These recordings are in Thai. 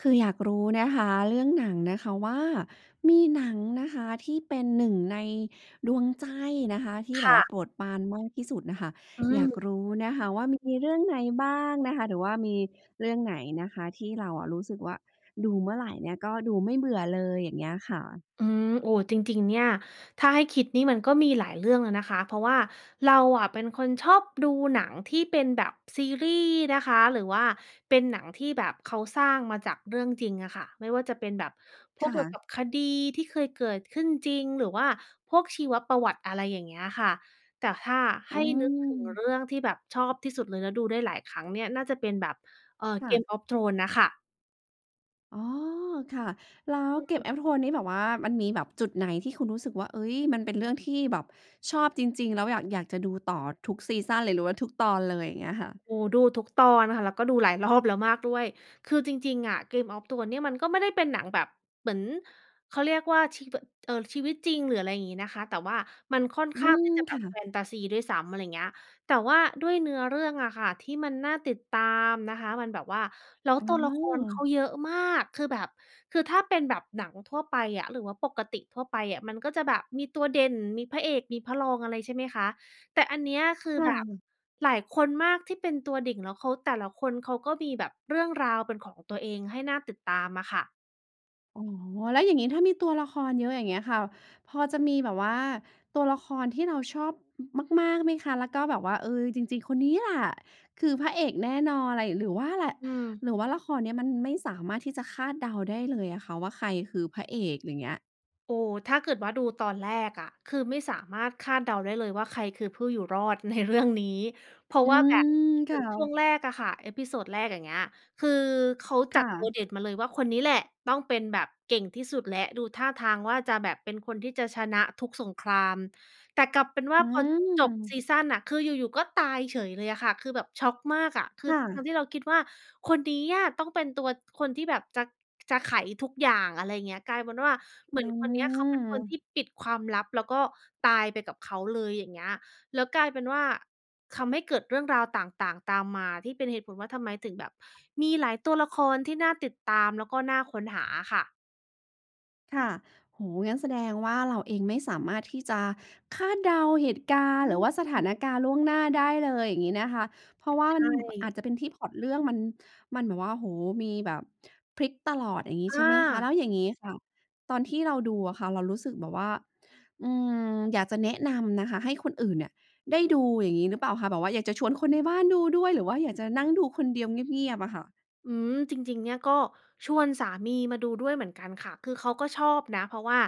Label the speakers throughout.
Speaker 1: คืออยากรู้นะคะ เรื่องหนังนะคะว่า มีหนังนะคะที่เป็นหนึ่งในดวงใจนะคะ ที่
Speaker 2: ค
Speaker 1: แบบ
Speaker 2: ่
Speaker 1: ว่า
Speaker 2: ะ
Speaker 1: โปรดปรานมากที่สุดน่ะค่ะ
Speaker 2: อื
Speaker 1: อยาก
Speaker 2: ม
Speaker 1: รู้นะคะว่ามีเรื่องไหนบ้างนะคะ? หรือว่ามีเรื่องไหนนะคะที่เราอะรู้สึกว่า ดูเมื่อไรเนี่ยก็ดูไม่เบื่อเลย อย่างเงี้ยค่ะ?
Speaker 2: อืม โอ้ จริง ๆ เนี่ย ถ้าให้คิดนี่มันก็มีหลายเรื่องอะนะคะ เพราะว่าเราอะเป็นคนชอบดูหนังที่เป็นแบบซีรีส์นะคะ หรือว่าเป็นหนังที่แบบเขาสร้างมาจากเรื่องจริงอะค่ะ ไม่ว่าจะเป็นแบบพ
Speaker 1: ค
Speaker 2: วก
Speaker 1: ่
Speaker 2: เกี่ยว
Speaker 1: ะ
Speaker 2: กับคดีที่เคยเกิดขึ้นจริง หรือว่าพวกชีวประวัติ อะไรอย่างเงี้ยค่ะ แต่ถ้าใ
Speaker 1: อ
Speaker 2: ห
Speaker 1: ื
Speaker 2: ้นึกถึงเร
Speaker 1: ม
Speaker 2: ื่องที่แบบชอบที่สุดเลย แล้วดูได้หลายครั้งเนี่ยน่าจะเป็นแบบ เออ
Speaker 1: ค่ะ
Speaker 2: Game of Thrones น่ะค่ะ
Speaker 1: อ๋อ ค่ะ แล้ว
Speaker 2: อือ
Speaker 1: Game of Thrones นี่แบบว่ามันมีแบบจุดไหนที่คุณรู้สึกว่า เฮ้ย มันเป็นเรื่องที่แบบชอบจริง ๆ แล้วอยาก อยากจะดูต่อทุกซีซันเลย หรือว่าทุกตอนเลย อย่างเงี้ยค่ะ?
Speaker 2: โอ้ ดูทุกตอนค่ะ แล้วก็ดูหลายรอบแล้วมากด้วย คือจริง ๆ อะ Game of Thrones เนี่ยมันก็ไม่ได้เป็นหนังแบบ เหมือน เขาเรียกว่า ชีว เอ่อ ชีวิตจริง หรืออะไรอย่างงี้นะคะ แต่ว่ามันค่อน
Speaker 1: อื
Speaker 2: ข้าง
Speaker 1: ม
Speaker 2: ที่จะแบ
Speaker 1: ค
Speaker 2: บ
Speaker 1: ่
Speaker 2: แฟ
Speaker 1: ะ
Speaker 2: นทาซีด้วยซ้ำ อะไรเงี้ย แต่ว่าด้วยเนื้อเรื่องอะค่ะ ที่มันน่าติดตามนะคะ มันแบบว่า แล้ว
Speaker 1: อ
Speaker 2: ต
Speaker 1: ๋
Speaker 2: ัวละครเขา
Speaker 1: อ
Speaker 2: เยอะมาก คือแบบ คือถ้าเป็นแบบหนังทั่วไปอะ หรือว่าปกติทั่วไปอะ มันก็จะแบบมีตัวเด่น มีพระเอก มีพระรองอะไร ใช่ไหมคะ แต่อันเนี้ย คือ
Speaker 1: ค่
Speaker 2: แบบ
Speaker 1: ะ
Speaker 2: หลายคนมากที่เป็นตัวเด่น แล้วเขา แต่ละคนเขาก็มีแบบเรื่องราวเป็นของตัวเองให้น่าติดตามอะค่ะ
Speaker 1: อ๋อ แล้วอย่างงี้ถ้ามีตัวละครเยอะ อย่างเงี้ยค่ะ พอจะมีแบบว่าตัวละครที่เราชอบ อ มาก ๆ ไหมคะ? แล้วก็แบบว่า เออ จริง ๆ คนนี้แหละ คือพระเอกแน่นอน อะไร หรือว่าแหละ
Speaker 2: อืม
Speaker 1: หรือว่าละครเนี้ยมันไม่สามารถที่จะคาดเดาได้เลยอะค่ะว่า ใครคือพระเอก อย่างเงี้ย
Speaker 2: โอ้โฮ ถ้าเกิดว่าดูตอนแรกอะ คือไม่สามารถคาดเดาได้เลยว่า ใครคือผู้อยู่รอด ในเรื่อง นี้ เพรา
Speaker 1: อ
Speaker 2: ะ
Speaker 1: ื
Speaker 2: ว่าแบบ
Speaker 1: ม
Speaker 2: เ
Speaker 1: ค
Speaker 2: หมื
Speaker 1: ่
Speaker 2: อนช่วง
Speaker 1: ะ
Speaker 2: แรกอะค่ะ episode แรก อย่างเงี้ย คือเขา
Speaker 1: ค
Speaker 2: จั
Speaker 1: ่
Speaker 2: ดตัว
Speaker 1: ะ
Speaker 2: เด็ดมาเลยว่า คนนี้แหละต้องเป็นแบบเก่งที่สุดแล้ว ดูท่าทางว่าจะแบบเป็นคนที่จะชนะทุกสงคราม แต่กลับเป็นว่
Speaker 1: อ
Speaker 2: า
Speaker 1: ื
Speaker 2: พอจบซ
Speaker 1: ม
Speaker 2: ีซันน่ะ คืออยู่ ๆ ก็ตายเฉยเลยอะค่ะ คือแบบช็อกมากอะ คื
Speaker 1: ค
Speaker 2: อ
Speaker 1: ่
Speaker 2: ทั้
Speaker 1: ะ
Speaker 2: งที่เราคิดว่า คนนี้อะต้องเป็นตัว คนที่แบบจะ จะไขทุกอย่าง อะไรเงี้ย กลายเป็นว่าเห
Speaker 1: อ
Speaker 2: ม
Speaker 1: ื
Speaker 2: ือนคนเนี้ย เขาเป็นคนที่
Speaker 1: ม
Speaker 2: ปิดความลับ แล้วก็ตายไปกับเขาเลย อย่างเงี้ย แล้วกลายเป็นว่า คำให้เกิดเรื่องราวต่าง ๆ ตามมาที่เป็นเหตุผลว่า ทำไมถึงแบบมีหลายตัวละครที่น่าติดตาม แล้วก็น่าค้นหาอะค่ะ
Speaker 1: ค่ะ โอ้โฮ งั้นแสดงว่าเราเองไม่สามารถที่จะคาดเดาเหตุการ
Speaker 2: อ
Speaker 1: ณ์ หรือว่าสถา
Speaker 2: ืม
Speaker 1: นการณ์ล่วงหน้าได้เลย อย่างงี้นะคะ เพราะว่า
Speaker 2: ใช
Speaker 1: มัน อา
Speaker 2: ่
Speaker 1: จจะเป็นที่พล็อตเรื่องมัน มันแบบว่า โอ้โฮ มีแบบพลิกตลอด อย่างงี้
Speaker 2: อ
Speaker 1: ใช่ไหมคะ แ
Speaker 2: า
Speaker 1: ล้วอย่างงี้ค่ะ ตอนที่เราดูอะค่ะเรารู้สึกแบบว่า อืม อยากจะแนะนำนะคะให้คนอื่นเนี่ยได้ดูอย่างงี้หรือเปล่าคะ? แบบว่าอยากจะชวนคนในบ้านดูด้วย หรือว่าอยากจะนั่งดูคนเดียวเงียบ ๆ อะค่ะ?
Speaker 2: อืม จริง ๆ เนี่ยก็ชวนสามีมาดูด้วยเหมือนกันค่ะ คือเขาก็ชอบนะ เพราะว่า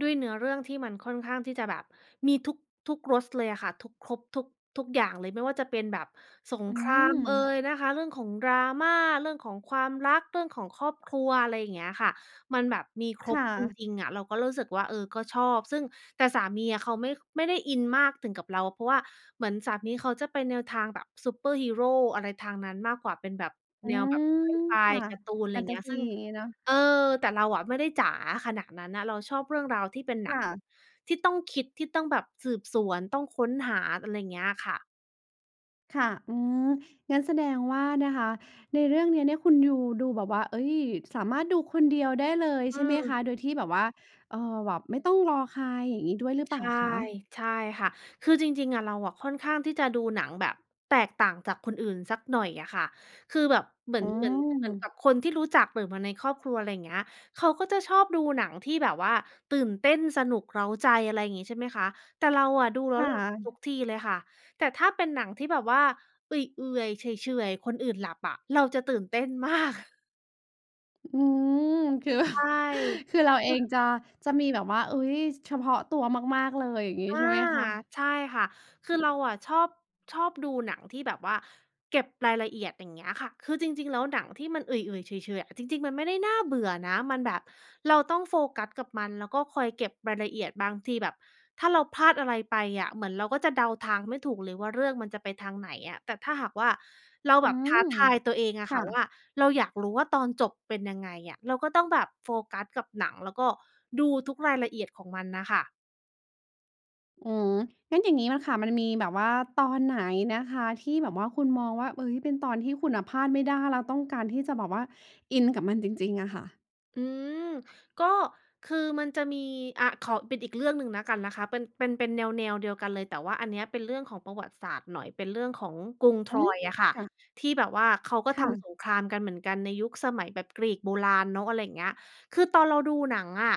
Speaker 2: ด้วยเนื้อเรื่องที่มันค่อนข้างที่จะแบบมีทุก ทุกรส ส เลยอะค่ะ ทุก ครบทุก ทุกอย่างเลย ไม่ว่าจะเป็นแบบสง
Speaker 1: อื
Speaker 2: ครามเอ
Speaker 1: ม
Speaker 2: ยนะคะ เรื่องของ drama เรื่องของความรัก เรื่องของครอบครัว อะไรอย่างเงี้ยค่ะ มันแบบมีคร
Speaker 1: ค
Speaker 2: บ
Speaker 1: ่
Speaker 2: จ
Speaker 1: ะ
Speaker 2: ริง ๆ อะ เราก็รู้สึกว่า เออ ก็ชอบ ซึ่ง แต่สามีอะเขาไม่ ไม่ได้อินมากถึงกับเรา เพราะว่าเหมือนสามีเขาจะไปแนวทางแบบซูเปอร์ฮีโร อะไรทางนั้นมากกว่า เป็นแบบ
Speaker 1: อื
Speaker 2: แนวแบบ
Speaker 1: ม
Speaker 2: ไซไฟ
Speaker 1: ค่ะ
Speaker 2: การ์ตูน ไ
Speaker 1: แฟ
Speaker 2: ร
Speaker 1: นท
Speaker 2: เง
Speaker 1: า
Speaker 2: ี้ย
Speaker 1: ซี
Speaker 2: ซึ่ง
Speaker 1: อย่างงี้เนาะ
Speaker 2: เออ แต่เราอะไม่ได้จ๋าขนาดนั้นน่ะ เราชอบเรื่องราวที่เป็นหน
Speaker 1: ค
Speaker 2: ัง
Speaker 1: ่
Speaker 2: แบบ
Speaker 1: ะ
Speaker 2: ที่ต้องคิด ที่ต้องแบบสืบสวน ต้องค้นหา อะไรเงี้ยค่ะ
Speaker 1: ค่ะ อืม งั้นแสดงว่านะคะ ในเรื่องเนี้ยเนี่ยคุณยู ดูแบบว่า เฮ้ย สามารถดูคนเดียวได้เลย
Speaker 2: อ
Speaker 1: ใ
Speaker 2: ื
Speaker 1: ช่ไหมค
Speaker 2: ม
Speaker 1: ะ? โดยที่แบบว่า เอ่อ แบบไม่ต้องรอใคร อย่างงี้ด้วยหรือเป
Speaker 2: ใช
Speaker 1: ล่า
Speaker 2: ่
Speaker 1: คะ?
Speaker 2: ใช่ค่ะ คือจริง ๆ อะ เราอะค่อนข้างที่จะดูหนังแบบแตกต่างจากคนอื่นสักหน่อยอะค่ะ คือแบบเหมือ
Speaker 1: อื
Speaker 2: น เหมือน เหมือนก
Speaker 1: ม
Speaker 2: ับคนที่รู้จัก หรือมาในครอบครัว ไรอย่างเงี้ย เขาก็จะชอบดูหนังที่แบบว่าตื่นเต้น สนุก เร้าใจ อะไรงี้ ใช่ไหมคะ แต่เราอะดูแล้
Speaker 1: ค
Speaker 2: ว
Speaker 1: ่
Speaker 2: หลับ
Speaker 1: ะ
Speaker 2: ทุกทีเลยค่ะ แต่ถ้าเป็นหนังที่แบบว่าเอื่อย ๆ เฉื่อย ๆ คนอื่นหลับอะ เราจะตื่นเต้น มาก
Speaker 1: อืม คือแบ
Speaker 2: ใ
Speaker 1: บ
Speaker 2: ช่
Speaker 1: คือเรา
Speaker 2: เ
Speaker 1: เ
Speaker 2: อ
Speaker 1: อง
Speaker 2: อ
Speaker 1: จะ จะมีแบบว่า อุ๊ย เฉพาะตัวมาก ๆ เลย อย่างงี้
Speaker 2: อ
Speaker 1: ใ
Speaker 2: า
Speaker 1: ช่ไหมคะ?
Speaker 2: ใช่ค่ะ คือเราอะชอบ ชอบดูหนังที่แบบว่าเก็บรายละเอียด อย่างเงี้ยค่ะ คือจริง ๆ แล้วหนังที่มันเอื่อย ๆ เฉื่อย ๆ อะ จริง ๆ มันไม่ได้น่าเบื่อนะ มันแบบ เราต้องโฟกัสกับมัน แล้วก็คอยเก็บรายละเอียด บางทีแบบถ้าเราพลาดอะไรไปอะ เหมือนเราก็จะเดาทางไม่ถูกเลยว่า เรื่องมันจะไปทางไหนอะ แต่ถ้าหากว่า เรา
Speaker 1: อื
Speaker 2: แบบท
Speaker 1: ม
Speaker 2: ้าทายตัวเองอ
Speaker 1: ค
Speaker 2: ะค
Speaker 1: ่
Speaker 2: ่ะว
Speaker 1: ะ
Speaker 2: ่า เราอยากรู้ว่าตอนจบเป็นยังไงอะ เราก็ต้องแบบโฟกัสกับหนัง แล้วก็ดูทุกรายละเอียดของมันน่ะค่ะ
Speaker 1: อือ งั้นอย่างนี้น่ะค่ะ มันมีแบบว่าตอนไหนนะคะ ที่แบบว่าคุณมองว่า เฮ้ย เป็นตอนที่คุณน่ะพลาดไม่ได้ แล้วต้องการที่จะแบบว่าอินกับมันจริง ๆ อะค่ะ?
Speaker 2: อือ ก็คือมันจะมี อ่า ขอเป็นอีกเรื่องหนึ่งแล้วกันนะคะ เป็น เป็น เป็นแนว ๆ เดียวกันเลย แต่ว่าอันเนี้ยเป็นเรื่องของประวัติศาสตร์หน่อย เป็นเรื่องของกรุง
Speaker 1: อืม
Speaker 2: Troy อะค่ะ
Speaker 1: ค่ะ
Speaker 2: ที่แบบว่าเขาก็
Speaker 1: ค
Speaker 2: ท
Speaker 1: ่
Speaker 2: ำ
Speaker 1: ะ
Speaker 2: สงครามกันเหมือนกัน ในยุคสมัยแบบกรีกโบราณเนาะ อะไรอย่างเงี้ย คือตอนเราดูหนังอะ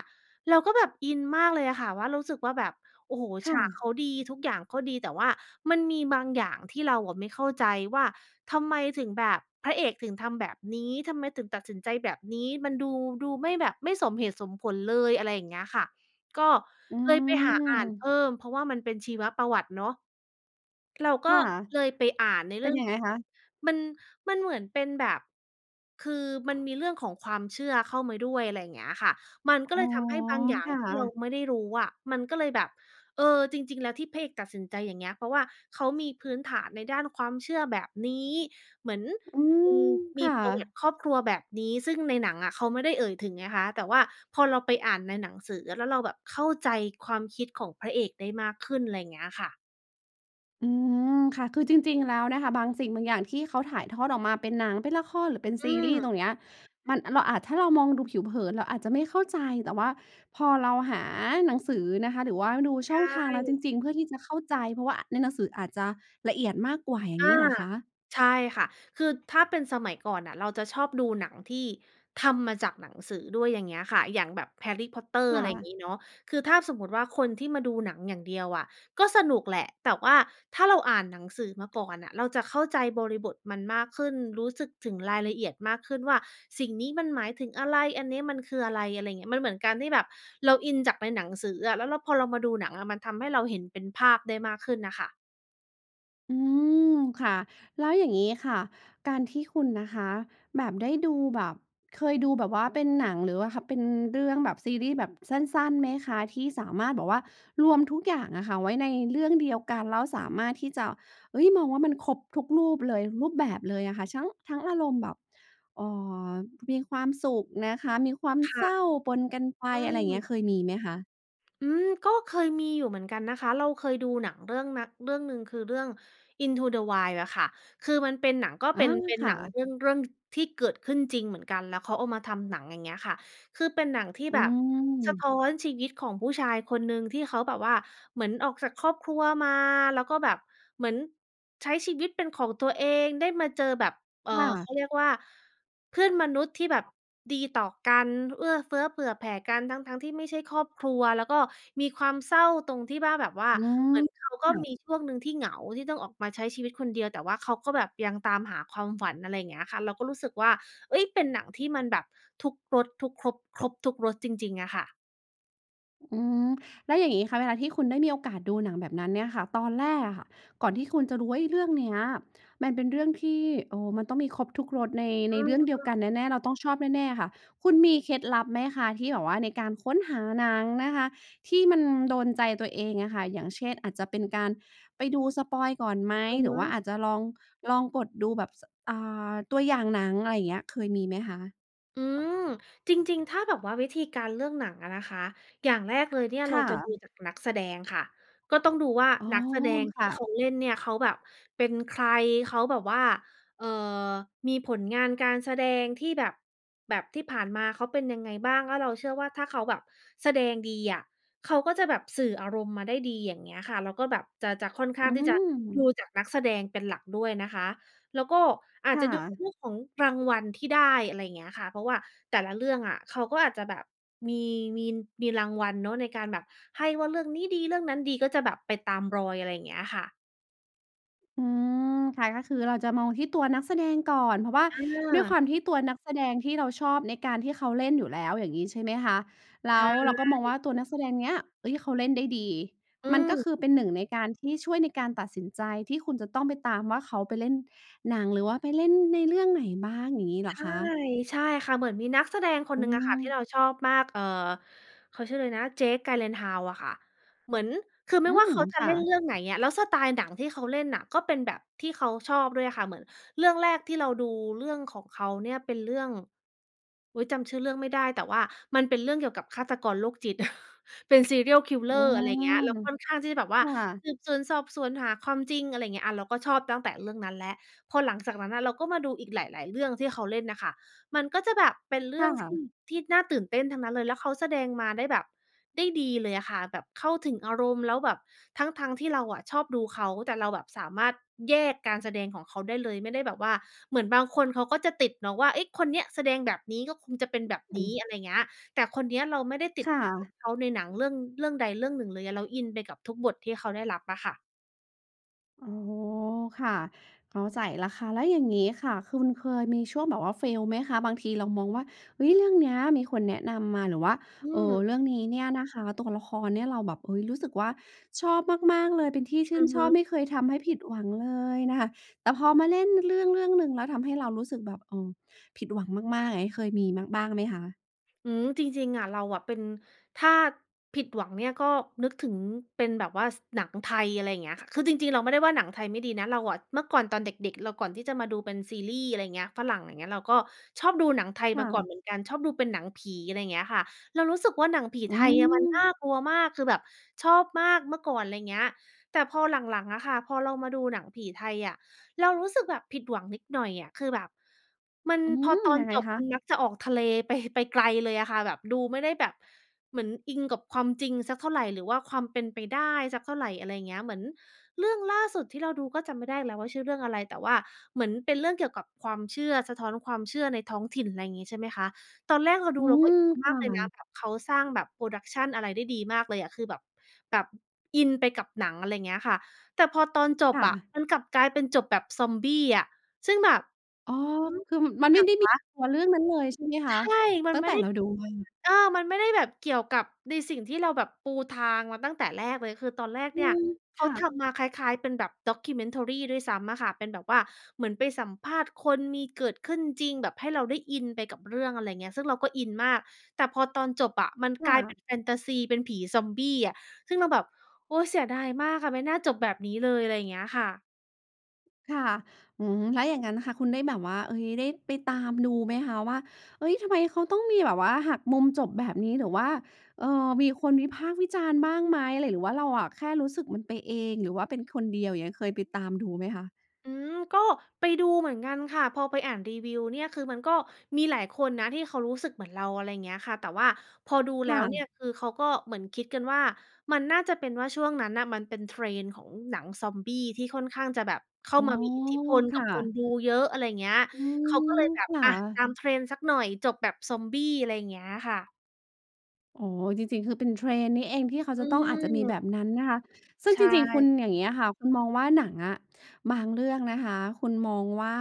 Speaker 2: เราก็แบบอินมากเลยอะค่ะว่า รู้สึกว่าแบบ โอ้โฮ
Speaker 1: ค
Speaker 2: ฉ
Speaker 1: ่
Speaker 2: าก
Speaker 1: ะ
Speaker 2: เขาดี ทุกอย่างเขาดี แต่ว่ามันมีบางอย่างที่เราอะไม่เข้าใจว่า ทำไมถึงแบบ พระเอกถึงทำแบบนี้ ทำไมถึงตัดสินใจแบบนี้ มันดู ดูไม่แบบ ไม่สมเหตุสมผลเลย อะไรอย่างเงี้ยค่ะ ก็
Speaker 1: อื
Speaker 2: เลยไปหาอ่านเพ
Speaker 1: อ
Speaker 2: ิ่ม เพราะว่ามันเป็นชีวประวัติเนาะ เราก
Speaker 1: ค
Speaker 2: ็
Speaker 1: ่ะ
Speaker 2: เลยไปอ่านใน
Speaker 1: เ
Speaker 2: เ
Speaker 1: ป
Speaker 2: รื
Speaker 1: ็
Speaker 2: ่
Speaker 1: น
Speaker 2: อง
Speaker 1: ยัง
Speaker 2: ข
Speaker 1: ไง
Speaker 2: องแบ
Speaker 1: คะ?
Speaker 2: บ มัน มันเหมือนเป็นแบบ คือมันมีเรื่องของความเชื่อเข้ามาด้วย อะไรอย่างเงี้ยค่ะ มัน
Speaker 1: อ
Speaker 2: ก็
Speaker 1: ๋
Speaker 2: เล
Speaker 1: อ
Speaker 2: ยทำให้บางอย่า
Speaker 1: ค
Speaker 2: ง
Speaker 1: ่
Speaker 2: ที่เรา
Speaker 1: ะ
Speaker 2: ไม่ได้รู้อะ มันก็เลยแบบ เออ จริง ๆ แล้วที่พระเอกตัดสินใจอย่างเงี้ย เพราะว่าเขามีพื้นฐานในด้านความเชื่อแบบนี้ เหมือน
Speaker 1: อ อื
Speaker 2: มี
Speaker 1: อ
Speaker 2: ม
Speaker 1: ค
Speaker 2: ี
Speaker 1: ่
Speaker 2: ประวัติ
Speaker 1: ะ
Speaker 2: ครอบครัวแบบนี้ ซึ่งในหนังอะเขาไม่ได้เอ่ยถึงไงคะ แต่ว่าพอเราไปอ่านในหนังสืออะ แล้วเราแบบเข้าใจความคิดของพระเอกได้มากขึ้น ไรเงี้ยค่ะ
Speaker 1: อืม ค่ะ คือจริง ๆ แล้วนะคะ บางสิ่งบางอย่างที่เขาถ่ายทอดออกมาเป็นหนัง เป็นละคร หรือเป็น
Speaker 2: อ
Speaker 1: ซ
Speaker 2: ื
Speaker 1: ีรีส์
Speaker 2: ม
Speaker 1: ตรงเนี้ย มัน เราอาจ ถ้าเรามองดูผิวเผินเราอาจจะไม่เข้าใจ แต่ว่าพอเราหาหนังสือนะคะ หรือว่าดู
Speaker 2: ใ
Speaker 1: ช
Speaker 2: ช
Speaker 1: ่อ
Speaker 2: ่
Speaker 1: งทางแล้วจริง ๆ เพื่อที่จะเข้าใจ เพราะว่า อ ในหนังสืออาจจะละเอียดมากกว่าอย่า
Speaker 2: อ
Speaker 1: งน
Speaker 2: า
Speaker 1: ี้เหรอคะ?
Speaker 2: ใช่ค่ะ คือถ้าเป็นสมัยก่อนน่ะเราจะชอบดูหนังที่ทำมาจากหนังสือด้วย อย่างเงี้ยค่ะ อย่างแบบ Harry Potter
Speaker 1: ค
Speaker 2: อ
Speaker 1: ่
Speaker 2: ะไรอย่าง
Speaker 1: ะ
Speaker 2: งี้เนาะ คือถ้าสมมุติว่า คนที่มาดูหนังอย่างเดียวอะก็สนุกแหละ แต่ว่าถ้าเราอ่านหนังสือมาก่อนน่ะเราจะเข้าใจบริบทมันมากขึ้น รู้สึกถึงรายละเอียดมากขึ้นว่า สิ่งนี้มันหมายถึงอะไร อันนี้มันคืออะไร อะไรอย่างเงี้ย มันเหมือนกันที่แบบเราอินจากไปหนังสืออะ แล้วเรา พอเรามาดูหนังอะมันทำให้เราเห็นเป็นภาพได้มากขึ้นน่ะค่ะ
Speaker 1: อืม ค่ะ แล้วอย่างงี้ค่ะ การที่คุณนะคะ แบบได้ดูแบบ เคยดูแบบว่าเป็นหนังหรือว่า ค เป็นเรื่องแบบซีรีส์แบบสั้น ๆ ไหมคะ? ที่สามารถแบบว่ารวมทุกอย่างอะค่ะไว้ในเรื่องเดียวกัน แล้วสามารถที่จะ เฮ้ย มองว่ามันครบทุกรูปเลย รูปแบบเลยอะค่ะ ชั้ง ทั้งอารมณ์แบบ เอ่อ มีความสุขนะคะ มีความ
Speaker 2: ค่
Speaker 1: เศ
Speaker 2: ะ
Speaker 1: ร้าปนกันไป
Speaker 2: อื
Speaker 1: อะไรอย่างเงี
Speaker 2: ม
Speaker 1: ้ยเคยมีไหมคะ?
Speaker 2: อืม ก็เคยมีอยู่เหมือนกันนะคะ เราเคยดูหนังเรื่องนัก เรื่องหนึ่ง คือเรื่อง Into the Wild อะค่ะ คือมันเป็นหนัง ก็
Speaker 1: อ
Speaker 2: เป
Speaker 1: า
Speaker 2: ็น เป็น
Speaker 1: ค
Speaker 2: ห
Speaker 1: ่
Speaker 2: นังเ
Speaker 1: ะ
Speaker 2: รื่อง เรื่อง ท ที่เกิดขึ้นจริงเหมือนกัน แล้วเขาเอามาทำหนัง อย่างเงี้ยค่ะ คือเป็นหนังที่
Speaker 1: อื
Speaker 2: แบบสะท
Speaker 1: ม
Speaker 2: ้อนชีวิตของผู้ชายคนหนึ่งที่เขาแบบว่า เหมือนออกจากครอบครัวมา แล้วก็แบบเหมือนใช้ชีวิตเป็นของตัวเอง ได้มาเจอแบบ เอ่อ
Speaker 1: ค่
Speaker 2: เข
Speaker 1: ะ
Speaker 2: าเรียกว่า เพื่อนมนุษย์ที่แบบดีต่อกัน เอื้อเฟื้อเผื่อแผ่กัน ทั้ง ๆ ที่ไม่ใช่ครอบครัว แล้วก็มีความเศร้าตรงที่ว่าแบบว่า
Speaker 1: อืม
Speaker 2: เหมือนเขาก
Speaker 1: ค
Speaker 2: ็
Speaker 1: ่ะ
Speaker 2: มีช่วงหนึ่งที่เหงา ที่ต้องออกมาใช้ชีวิตคนเดียว แต่ว่าเขาก็แบบยังตามหาความฝัน อะไรเงี้ยค่ะ เราก็รู้สึกว่า เฮ้ย เป็นหนังที่มันแบบทุกรส ทุกครบ ครบทุกรสจริง ๆ อะค่ะ
Speaker 1: อือ แล้วอย่างงี้ค่ะ เวลาที่คุณได้มีโอกาสดูหนังแบบนั้นเนี่ยค่ะ ตอนแรกอะค่ะ ก่อนที่คุณจะรู้ว่า เฮ้ย เรื่องเนี้ยมันเป็นเรื่องที่ เอ่อ มันต้องมีครบทุกรสใน
Speaker 2: อ
Speaker 1: ใน
Speaker 2: ื
Speaker 1: เร
Speaker 2: ม
Speaker 1: ื่องเดียว
Speaker 2: ๆ
Speaker 1: กันแน่ ๆ เราต้องชอบแน่ ๆ อะค่ะ คุณมีเคล็ดลับไหมคะที่แบบว่าในการค้นหาหนังนะคะ ที่มันโดนใจตัวเองอะค่ะ? อย่างเช่น อาจจะเป็นการไปดูสปอยล์ก่อนไหม?
Speaker 2: อือ
Speaker 1: หร
Speaker 2: ฮ
Speaker 1: ือว่า
Speaker 2: ึ
Speaker 1: อาจจะลอง ลองกดดูแบบ ส อ่า ตัวอย่างหนัง อะไรอย่างเงี้ยเคยมีไหมคะ?
Speaker 2: อืม จริง ๆ ถ้าแบบว่าวิธีการเลือกหนังอะนะคะ อย่างแรกเลยเนี่ย
Speaker 1: ค
Speaker 2: เรา
Speaker 1: ่
Speaker 2: จะดู
Speaker 1: ะ
Speaker 2: จากนักแสดงค่ะ ก็ต้องดูว่า
Speaker 1: อ๋อ
Speaker 2: นัก แสดงท
Speaker 1: ค
Speaker 2: ี่
Speaker 1: ่
Speaker 2: เขา
Speaker 1: ะ
Speaker 2: เล่นเนี่ยเขาแบบเป็นใคร? เขาแบบว่า เอ่อ มีผลงานการแสดงที่แบบ แบบที่ผ่านมาเขาเป็นยังไงบ้าง? แล้วเราเชื่อว่าถ้าเขาแบบแสดงดีอะ เขาก็จะแบบสื่ออารมณ์มาได้ดี อย่างเงี้ยค่ะ แล้วก็แบบจะ จะค่อนข้
Speaker 1: อ
Speaker 2: า
Speaker 1: ื
Speaker 2: งที่จะดู
Speaker 1: ม
Speaker 2: จากนักแสดงเป็นหลักด้วยนะคะ แล้วก็อา
Speaker 1: ค
Speaker 2: จ
Speaker 1: ่
Speaker 2: จะดู
Speaker 1: ะ
Speaker 2: เรื่องของรางวัลที่ได้ อะไรเงี้ยค่ะ เพราะว่าแต่ละเรื่องอะ เขาก็อาจจะแบบมี มี มีรางวัลเนาะ ในการแบบให้ว่าเรื่องนี้ดี เรื่องนั้นดี ก็จะแบบไปตามรอย อะไรเงี้ยค่ะ
Speaker 1: อืม ค่ะ ก็คือเราจะมองที่ตัวนักแสดงก่อน เพราะว่า
Speaker 2: อ
Speaker 1: ด้วยค
Speaker 2: า
Speaker 1: วามที่ตัวนักแสดงที่เราชอบในการที่เขาเล่นอยู่แล้ว อย่างนี้ใช่ไหมคะ? แ
Speaker 2: ใ
Speaker 1: ล
Speaker 2: ช
Speaker 1: ้วเรา
Speaker 2: ่
Speaker 1: ก็มองว่าตัวนักแสดงเนี้ย เอ๊ย เขาเล่นได้ดี
Speaker 2: อื
Speaker 1: มันก็
Speaker 2: ม
Speaker 1: คือเป็น 1 ในการที่ช่วยในการตัดสินใจ ที่คุณจะต้องไปตามว่าเขาไปเล่นหนัง หรือว่าไปเล่นในเรื่องไหนบ้าง อย่างนี้เหร
Speaker 2: ใช
Speaker 1: อ
Speaker 2: ่
Speaker 1: คะ?
Speaker 2: ใช่ค่ะ เหมือนมีนักแสดงค
Speaker 1: อ
Speaker 2: น
Speaker 1: อ
Speaker 2: ห
Speaker 1: ื
Speaker 2: นึ่งอะค่ะ ที
Speaker 1: ม
Speaker 2: ่เราชอบมาก เอ่อ เขาชื่ออะไรนะ Jake Gyllenhaal อะค่ะ เหมือน คือไ
Speaker 1: อ
Speaker 2: ม
Speaker 1: ื
Speaker 2: ่ว่า
Speaker 1: ม
Speaker 2: เขาจะ
Speaker 1: ค
Speaker 2: เ
Speaker 1: ่
Speaker 2: ล่น
Speaker 1: ะ
Speaker 2: เรื่องไหนอะ แล้วสไตล์หนังที่เขาเล่นน่ะ ก็เป็นแบบที่เขาชอบด้วยค่ะ เหมือนเรื่องแรกที่เราดูเรื่องของเขาเนี่ยเป็นเรื่อง อุ๊ย! จำชื่อเรื่องไม่ได้ แต่ว่ามันเป็นเรื่องเกี่ยวกับฆาตกรโรคจิต เป็น serial
Speaker 1: อื
Speaker 2: killer
Speaker 1: ม
Speaker 2: อะไรอย่างเงี้ย แล้วค่อนข้างที่จะแบบว่า
Speaker 1: ค่ะ
Speaker 2: สืบสวนสอบสวนหาความจริง อะไรอย่างเงี้ย อา เราก็ชอบตั้งแต่เรื่องนั้นแล้ว พอหลังจากนั้นน่ะ เราก็มาดูอีกหลาย ๆ เรื่องที่เขาเล่นน่ะค่ะ มันก็จะแบบเป็นเร
Speaker 1: ค
Speaker 2: ื่องท
Speaker 1: ่
Speaker 2: ี
Speaker 1: ะ
Speaker 2: ่ ที่น่าตื่นเต้นทั้งนั้นเลย แล้วเขาแสดงมาได้แบบ ได้ดีเลยอะค่ะ แบบเข้าถึงอารมณ์ แล้วแบบทั้ง ๆ ที่เราอะชอบดูเขา แต่เราแบบสามารถแยกการแสดงของเขาได้เลย ไม่ได้แบบว่า เหมือนบางคนเขาก็จะติดเนาะว่า เอ๊ย คนเนี้ยแสดงแบบนี้ ก็คงจะเป็น
Speaker 1: อ
Speaker 2: แบบ
Speaker 1: อ
Speaker 2: น
Speaker 1: ื
Speaker 2: ี้
Speaker 1: ม
Speaker 2: อะไรอย่างเงี้ย แต่คนเนี้ยเราไม่ได้ติ
Speaker 1: ค
Speaker 2: ด
Speaker 1: ่
Speaker 2: ภาพ
Speaker 1: ะ
Speaker 2: เขาในหนังเรื่อง เรื่องใดเรื่องหนึ่งเลยอะ เราอินไปกับทุกบทที่เขาได้รับอะค่ะ
Speaker 1: อ๋อ ค่ะ เข้าใจแล้วค่ะ แล้วอย่างงี้ค่ะ คุณเคยมีช่วงแบบว่า fail ไหมคะ? บางทีเรามองว่า เฮ้ย เรื่องเนี้ยมีคนแนะนำมา หรือว่า
Speaker 2: อื
Speaker 1: เออ
Speaker 2: ม
Speaker 1: เรื่องนี้เนี่ยนะคะ ตัวละครเนี่ยเราแบบ เฮ้ย รู้สึกว่าชอบมาก ๆ เลย เป็นที่ชื
Speaker 2: อ
Speaker 1: ่
Speaker 2: ื
Speaker 1: น
Speaker 2: อฮ
Speaker 1: ชอบ
Speaker 2: ึ
Speaker 1: ไม่เคยทำให้ผิดหวังเลยน่ะ แต่พอมาเล่นเรื่องเรื่องหนึ่งแล้วทำให้เรารู้สึกแบบ เอ่อ ผิดหวังมาก ๆ อย่างงี้เคยมี บ บ้างไหมคะ?
Speaker 2: อืม จริง ๆ อะ เราอะเป็น ถ้าผิดหวังเนี่ย ก็นึกถึงเป็นแบบว่า ส หนังไทย อะไรอย่างเงี้ยค่ะ คือจริง ๆ เราไม่ได้ว่าหนังไทยไม่ดีนะ เราอะเมื่อก่อนตอนเด็ก ๆ เรา ก่อนที่จะมาดูเป็นซีรีส์ อะไรอย่างเงี้ย ฝรั่งอย่างเงี้ย เราก็ชอบดูหนังไทย
Speaker 1: ค
Speaker 2: ม
Speaker 1: ่
Speaker 2: าก่อน
Speaker 1: ะ
Speaker 2: เหมือนกัน ชอบดูเป็นหนังผี อะไรอย่างเงี้ยค่ะ เรารู้สึกว่า หนังผี
Speaker 1: อ
Speaker 2: ไ
Speaker 1: ื
Speaker 2: ทยอะมันน
Speaker 1: ม
Speaker 2: ่ากลัวมาก คือแบบชอบมากเมื่อก่อน ไรเงี้ย แต่พอหลัง ๆ อะค่ะ พอเรามาดูหนังผีไทยอะ เรารู้สึกแบบผิดหวังนิดหน่อยอะ คือแบบ มัน
Speaker 1: อื
Speaker 2: พอ
Speaker 1: ม
Speaker 2: ตอน
Speaker 1: ยังไง
Speaker 2: จบ
Speaker 1: ค
Speaker 2: ม
Speaker 1: ะ?
Speaker 2: ันมักจะออกทะเลไป ไปไกลเลยอะค่ะ แบบดูไม่ได้แบบ เหมือนอิงกับความจริงสักเท่าไร หรือว่าความเป็นไปได้สักเท่าไร อะไรเงี้ย เหมือนเรื่องล่าสุดที่เราดูก็จำไม่ได้แล้วว่าชื่อเรื่องอะไร แต่ว่าเหมือนเป็นเรื่องเกี่ยวกับความเชื่อ สะท้อนความเชื่อในท้องถิ่น ไรงี้ ใช่ไหมคะ ตอนแรกเราด
Speaker 1: อ
Speaker 2: ู
Speaker 1: ื
Speaker 2: เราก็
Speaker 1: ม
Speaker 2: อิน
Speaker 1: ค
Speaker 2: มา
Speaker 1: ่
Speaker 2: กเลยนะ
Speaker 1: ะ
Speaker 2: แบบเขาสร้างแบบ production อะไรได้ดีมากเลยอะ คือแบบ แบบอินไปกับหนัง อะไรเงี้ยค่ะ แต่พอตอนจ
Speaker 1: ค
Speaker 2: บ
Speaker 1: ่
Speaker 2: อะ
Speaker 1: ะ
Speaker 2: มันกลับกลายเป็นจบแบบซอมบี้อะ ซึ่งแบบ
Speaker 1: อ๋อ
Speaker 2: หือ?
Speaker 1: คือ
Speaker 2: อ
Speaker 1: ม
Speaker 2: ิ
Speaker 1: ันไ
Speaker 2: ห
Speaker 1: ม
Speaker 2: ย
Speaker 1: ่
Speaker 2: ัง
Speaker 1: ได้ม
Speaker 2: ว
Speaker 1: ี
Speaker 2: ะ?
Speaker 1: ตัว เรื่องนั้นเลยใช่ไหมค
Speaker 2: ใช
Speaker 1: ะ?
Speaker 2: ่ มั
Speaker 1: ต
Speaker 2: น
Speaker 1: ั้
Speaker 2: ไ
Speaker 1: ง
Speaker 2: ม
Speaker 1: แ
Speaker 2: ่
Speaker 1: ต่
Speaker 2: ได้
Speaker 1: เราดูมา
Speaker 2: เออ มันไม่ได้แบบเกี่ยวกับในสิ่งที่เราแบบปูทางมาตั้งแต่แรกเลย คือตอนแรก
Speaker 1: อื
Speaker 2: เนี่ย
Speaker 1: ม
Speaker 2: เข
Speaker 1: ค
Speaker 2: า
Speaker 1: ่
Speaker 2: ท
Speaker 1: ะ
Speaker 2: ำมาคล้าย ๆ เป็นแบบ documentary ด้วยซ้ำอะค่ะ เป็นแบบว่าเหมือนไปสัมภาษณ์คน มีเกิดขึ้นจริง แบบให้เราได้อินไปกับเรื่อง อะไรเงี้ย ซึ่งเราก็อินมาก แต่พอตอนจบอะมัน
Speaker 1: ค
Speaker 2: ก
Speaker 1: ่
Speaker 2: ลายเป็
Speaker 1: ะ
Speaker 2: นแฟนทาซี เป็นผีซอมบี้อะ ซึ่งเราแบบ โอ๊ย เสียดายมากอะ ไม่น่าจบแบบนี้เลย อะไรอย่างเงี้ยค่ะ
Speaker 1: ค่ะ อืม แล้วอย่างงั้นค่ะ คุณได้แบบว่า เฮ้ย ได้ไปตามดูไหมคะว่า เฮ้ย ทำไมเขาต้องมีแบบว่าหักมุมจบแบบนี้ หรือว่า เออ มีคนวิพากษ์วิจารณ์บ้างไหม? หรือว่าเราอะแค่รู้สึกมันไปเอง หรือว่าเป็นคนเดียว อย่างเงี้ย เคยไปตามดูไหมคะ?
Speaker 2: อือ ก็ไปดูเหมือนกันค่ะ พอไปอ่านรีวิวเนี่ย คือมันก็มีหลายคนนะที่เขารู้สึกเหมือนเรา อะไรเงี้ยค่ะ แต่ว่าพอดูแ
Speaker 1: ค
Speaker 2: ล้
Speaker 1: ่
Speaker 2: วเนี่ย
Speaker 1: ะ
Speaker 2: คือเขาก็เหมือนคิดกันว่า มันน่าจะเป็นว่าช่วงนั้นน่ะมันเป็น trend ของหนังซอมบี้ ที่ค่อนข้างจะแบบเข้
Speaker 1: อ
Speaker 2: า
Speaker 1: ๋อ
Speaker 2: มามีอิทธิพล
Speaker 1: ค
Speaker 2: กั
Speaker 1: ่
Speaker 2: บคน
Speaker 1: ะ
Speaker 2: ดูเยอะ อะไรเงี้ย
Speaker 1: อื
Speaker 2: เขาก็เล
Speaker 1: อ
Speaker 2: ยแบ
Speaker 1: ค
Speaker 2: บ
Speaker 1: ่
Speaker 2: อา ตา
Speaker 1: ะ
Speaker 2: ม trend สักหน่อย จบแบบซอมบี้ อะไรอย่างเงี้ยค่ะ
Speaker 1: อ๋อ จริง ๆ คือเป็น trend นี่เองที่เขา
Speaker 2: อ
Speaker 1: จ
Speaker 2: ื
Speaker 1: ะต้อง อาจจะมีแ
Speaker 2: ม
Speaker 1: บบนั้นนะคะ ซึ่ง
Speaker 2: ใช
Speaker 1: จริง ๆ คุณ
Speaker 2: ่
Speaker 1: อย่างเงี้ยค่ะ คุณมองว่าหนังอะบางเรื่องนะคะคุณมองว่า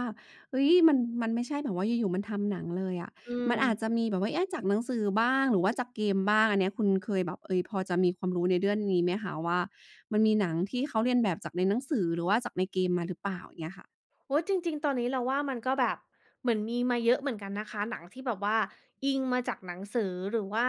Speaker 1: เฮ้ย มัน มันไม่ใช่แบบว่าอยู่ ๆ มันทำหนังเลยอะ
Speaker 2: อื
Speaker 1: มันอาจ
Speaker 2: ม
Speaker 1: จะมีแบบว่า เอ๊ะ จากหนังสือบ้าง หรือว่าจากเกมบ้าง อันเนี้ยคุณเคยแบบ เฮ้ย พอจะมีความรู้ในเรื่อง นี้ไหมคะว่า มันมีหนังที่เขาเลียนแบบจากในหนังสือ หรือว่าจากในเกมมาหรือเปล่า เงี้ยค่ะ?
Speaker 2: โอ๊ย จริง ๆ ตอนนี้เราว่า มันก็แบบเหมือนมีมาเยอะเหมือนกันนะคะ หนังที่แบบว่าอิงมาจากหนังสือ หรือว่า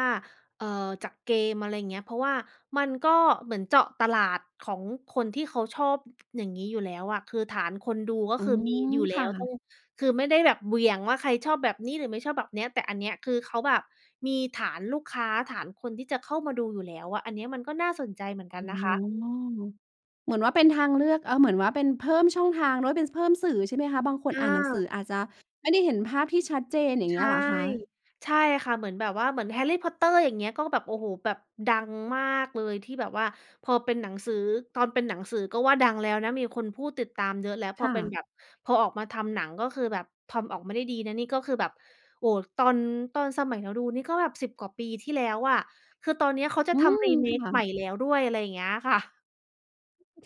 Speaker 2: เอ่อ จากเกม อะไรเงี้ย เพราะว่ามันก็เหมือนเจาะตลาดของคนที่เขาชอบ อย่างงี้อยู่แล้วอะ คือฐานคนดูก็
Speaker 1: อื
Speaker 2: คือมีอ
Speaker 1: ม
Speaker 2: ยู่แ
Speaker 1: ค
Speaker 2: ล้
Speaker 1: ่
Speaker 2: ว ต้อ
Speaker 1: ะ
Speaker 2: ง คือไม่ได้แบบเหวี่ยงว่าใครชอบแบบนี้ หรือไม่ชอบแบบเนี้ย แต่อันเนี้ยคือเขาแบบมีฐานลูกค้า ฐานคนที่จะเข้ามาดูอยู่แล้วอะ อันเนี้ยมันก็น่าสนใจเหมือนกั
Speaker 1: อ
Speaker 2: น
Speaker 1: ๋อ
Speaker 2: นะคะ
Speaker 1: เหมือนว่าเป็นทางเลือก เอ่อ เหมือนว่าเป็นเพิ่มช่องทางด้วย เป็น ส เพิ่มสื่อใช่ไหมคะ? บางคน
Speaker 2: อ
Speaker 1: อ่านหนังส
Speaker 2: า
Speaker 1: ืออาจจะไม่ได้เห็นภาพที่ชัดเจน อย่าง
Speaker 2: ใ
Speaker 1: เ
Speaker 2: ช
Speaker 1: งี้ย
Speaker 2: ่
Speaker 1: เหรอคะ?
Speaker 2: ใช่ค่ะ เหมือนแบบว่าเหมือน Harry Potter อย่างเงี้ย ก็แบบ โอ้โฮ แบบดังมากเลยที่แบบว่าพอเป็นหนังสือ ตอนเป็นหนังสือก็ว่าดังแล้วนะ มีคนพูดติดตามเยอะ แล้วพ
Speaker 1: ค
Speaker 2: อ
Speaker 1: ่
Speaker 2: เป็น
Speaker 1: ะ
Speaker 2: แบบ พอออกมาทำหนัง ก็คือแบบทำออกมาได้ดีนะ นี่ก็คือแบบ โอ้โฮ ตอน ตอนสมัยเราดูนี่ก็แบบ 10 กว่าปีที่แล้วอะ คือตอนเนี้ยเขาจะ
Speaker 1: อื
Speaker 2: ทำ
Speaker 1: อ ค
Speaker 2: remake
Speaker 1: ่
Speaker 2: ใหม่
Speaker 1: ะ
Speaker 2: แล้วด้วย อะไรเงี้ยค่ะ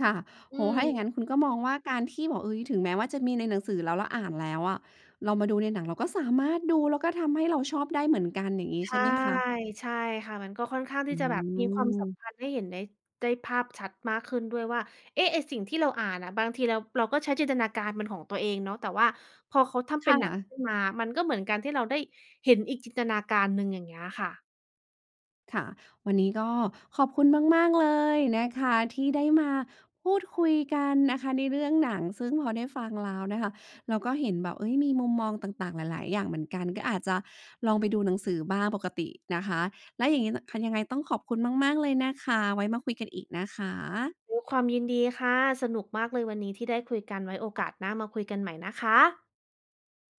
Speaker 1: ค่ะ
Speaker 2: อ
Speaker 1: โ
Speaker 2: ื
Speaker 1: อ้โฮ ถ้าอย่าง
Speaker 2: อ
Speaker 1: งั้นคุณก็มองว่า การที่บอก เฮ้ย ถึงแม้ว่าจะมีในหนังสือ แล้วเราอ่านแล้วอะ เรามาดูในหนังเราก็สามารถดู แล้วก็ทำให้เราชอบได้เหมือนกัน อย่างงี้
Speaker 2: ใช
Speaker 1: ใช่
Speaker 2: ่
Speaker 1: ไหมคะ?
Speaker 2: ใช่ค่ะ มันก็ค่อนข้างท
Speaker 1: อ
Speaker 2: ี
Speaker 1: ื
Speaker 2: ่จะแบบมีความสัม
Speaker 1: อ
Speaker 2: พันธ์ให้เห็นได้ ได้ภาพชัดมากขึ้นด้วยว่า เอ๊ะ ไอ้สิ่งที่เราอ่านน่ะบางทีเรา เราก็ใช้จินตนาการเป็นของตัวเองเนาะ แต่ว่าพอเขาทำเป
Speaker 1: ค
Speaker 2: ็นหนั
Speaker 1: ่
Speaker 2: ง
Speaker 1: ะ
Speaker 2: ขึ้นมา มันก็เหมือนการที่เราได้เห็นอีกจินตนาการหนึ่ง อย่างเงี้ยค่ะ
Speaker 1: ค่ะ วันนี้ก็ขอบคุณมาก ๆ เลยนะคะ ที่ได้มาพูดคุยกันนะคะในเรื่องหนัง ซึ่งพอได้ฟังแล้วนะคะ เราก็เห็นแบบ เฮ้ย มีมุมมองต่าง ๆ หลาย ๆ อย่างเหมือนกัน ก็อาจจะลองไปดูหนังสือบ้างปกตินะคะ แล้วอย่างงี้ น ค่ะ ยังไงต้องขอบคุณมาก ๆ เลยนะคะ ไว้มาคุยกันอีกนะคะ
Speaker 2: ด้วยความยินดีค่ะ สนุกมากเลยวันนี้ที่ได้คุยกัน ไว้โอกาสหน้ามาคุยกันใหม่นะคะ